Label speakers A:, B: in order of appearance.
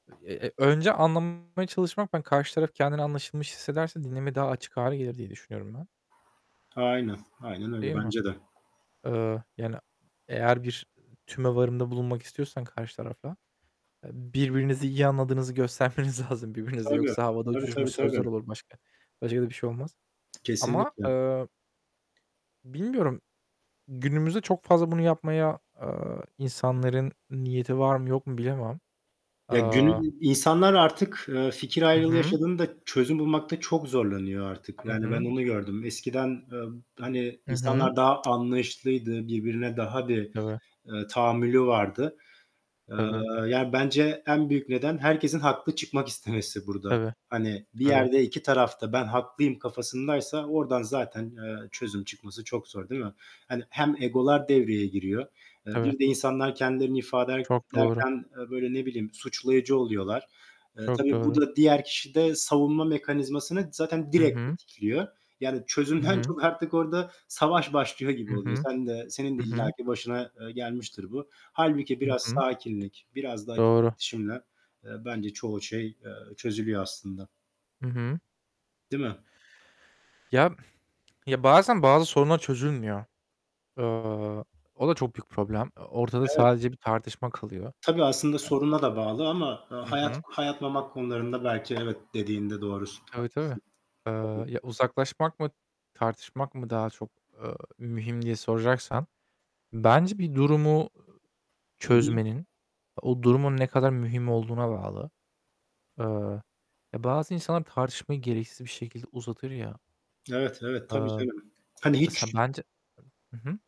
A: Eee, eee, önce anlamaya çalışmak, ben karşı taraf kendini anlaşılmış hissederse dinlemeye daha açık hâle gelir diye düşünüyorum ben.
B: Aynen, aynen öyle.
A: Değil mi?
B: Bence de.
A: Eee, yani, eğer bir tümevarımda bulunmak istiyorsan karşı tarafa, eee, birbirinizi iyi anladığınızı göstermeniz lazım birbirinizi.
B: Tabii,
A: Yoksa havada
B: tabii,
A: uçuşmuş
B: tabii,
A: sözler
B: tabii.
A: olur başka, başka da bir şey olmaz. Ama,
B: Kesinlikle.
A: eee, bilmiyorum, günümüzde çok fazla bunu yapmaya, eee, insanların niyeti var mı yok mu bilemem.
B: Ya,
A: Aaa
B: günül insanlar artık, eee, fikir
A: Hı
B: ayrılığı
A: hı.
B: yaşadığında, çözüm bulmakta çok zorlanıyor artık.
A: Hı
B: Yani, ben
A: hı.
B: onu gördüm. Eskiden, eee, be hani,
A: Hı hı.
B: insanlar daha anlayışlıydı, birbirine daha bir,
A: Tabii.
B: eee, tahammülü vardı. Eee,
A: Tabii.
B: yani, bence en büyük neden herkesin haklı çıkmak istemesi burada.
A: Tabii.
B: Hani, bir
A: Tabii.
B: yerde iki taraf da ben haklıyım kafasındaysa, oradan zaten, eee, çözüm çıkması çok zor değil mi? Hani, hem egolar devreye giriyor. Eee,
A: Tabii.
B: bir de insanlar kendilerini ifade er
A: Çok doğru.
B: ederken, eee, böyle, ne bileyim, suçlayıcı oluyorlar. Eee,
A: Çok
B: tabii bu
A: doğru.
B: da diğer kişide savunma mekanizmasını zaten
A: Hı
B: direkt
A: hı.
B: tetikliyor. Yani,
A: Hı
B: çözümden
A: hı.
B: çok artık orada savaş başlıyor gibi
A: Hı
B: oluyor.
A: hı.
B: Sen de, senin de
A: Hı hı.
B: illaki başına, eee, gelmiştir bu. Hâlbuki
A: Hı
B: biraz
A: hı.
B: sakinlik, biraz da açık
A: Doğru.
B: iletişimle, eee, bence çoğu şey, eee, çözülüyor aslında.
A: Hı hı.
B: Değil mi?
A: Ya, ya, bazen, bazı sorunlar çözülmüyor. Eee, o da çok büyük problem. Eee, ortada
B: Evet.
A: sadece bir tartışma kalıyor.
B: Tabii aslında
A: [unintelligible]
B: soruna da bağlı ama, eee,
A: Hı
B: hayat
A: hı.
B: hayat memat konularında belki evet dediğinde doğrusun,
A: Tabii tabii.
B: haklısın.
A: Eee,
B: Tabii.
A: ya uzaklaşmak mı, tartışmak mı daha çok, eee, mühim diye soracaksan, bence bir durumu
B: Hı hı.
A: çözmenin, o durumun ne kadar mühim olduğuna bağlı. Eee, ya, bazı insanlar tartışmayı gereksiz bir şekilde uzatır ya.
B: Evet, evet.
A: Eee,
B: Tabii canım. Hani,
A: ya da
B: hiç
A: sen, bence Hı hı.